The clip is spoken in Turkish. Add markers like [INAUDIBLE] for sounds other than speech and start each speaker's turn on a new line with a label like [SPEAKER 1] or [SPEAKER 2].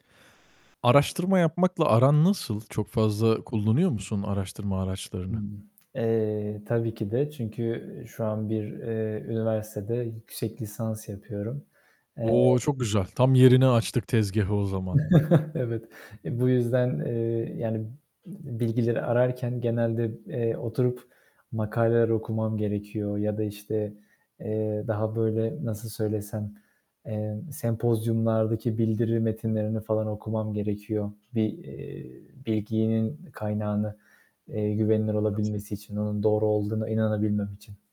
[SPEAKER 1] Araştırma yapmakla aran nasıl? Çok fazla kullanıyor musun araştırma araçlarını?
[SPEAKER 2] [UNINTELLIGIBLE] Eee, tabii ki de. Çünkü, eee, şu an bir, eee, üniversitede yüksek lisans yapıyorum,
[SPEAKER 1] O!
[SPEAKER 2] eee
[SPEAKER 1] çok güzel. Tam yerine açtık tezgâhı o zaman.
[SPEAKER 2] [CHUCKLES] Evet. E, bu yüzden, eee, yani, bilgileri ararken genelde, eee, oturup makaleler okumam gerekiyor. Ya da, işte, eee, daha, böyle, nasıl söylesem, eee, sempozyumlardaki bildiri metinlerini falan okumam gerekiyor bir, eee, bilginin kaynağını, eee, güvenilir
[SPEAKER 1] [UNINTELLIGIBLE]
[SPEAKER 2] olabilmesi için, onun doğru olduğuna inanabilmem için.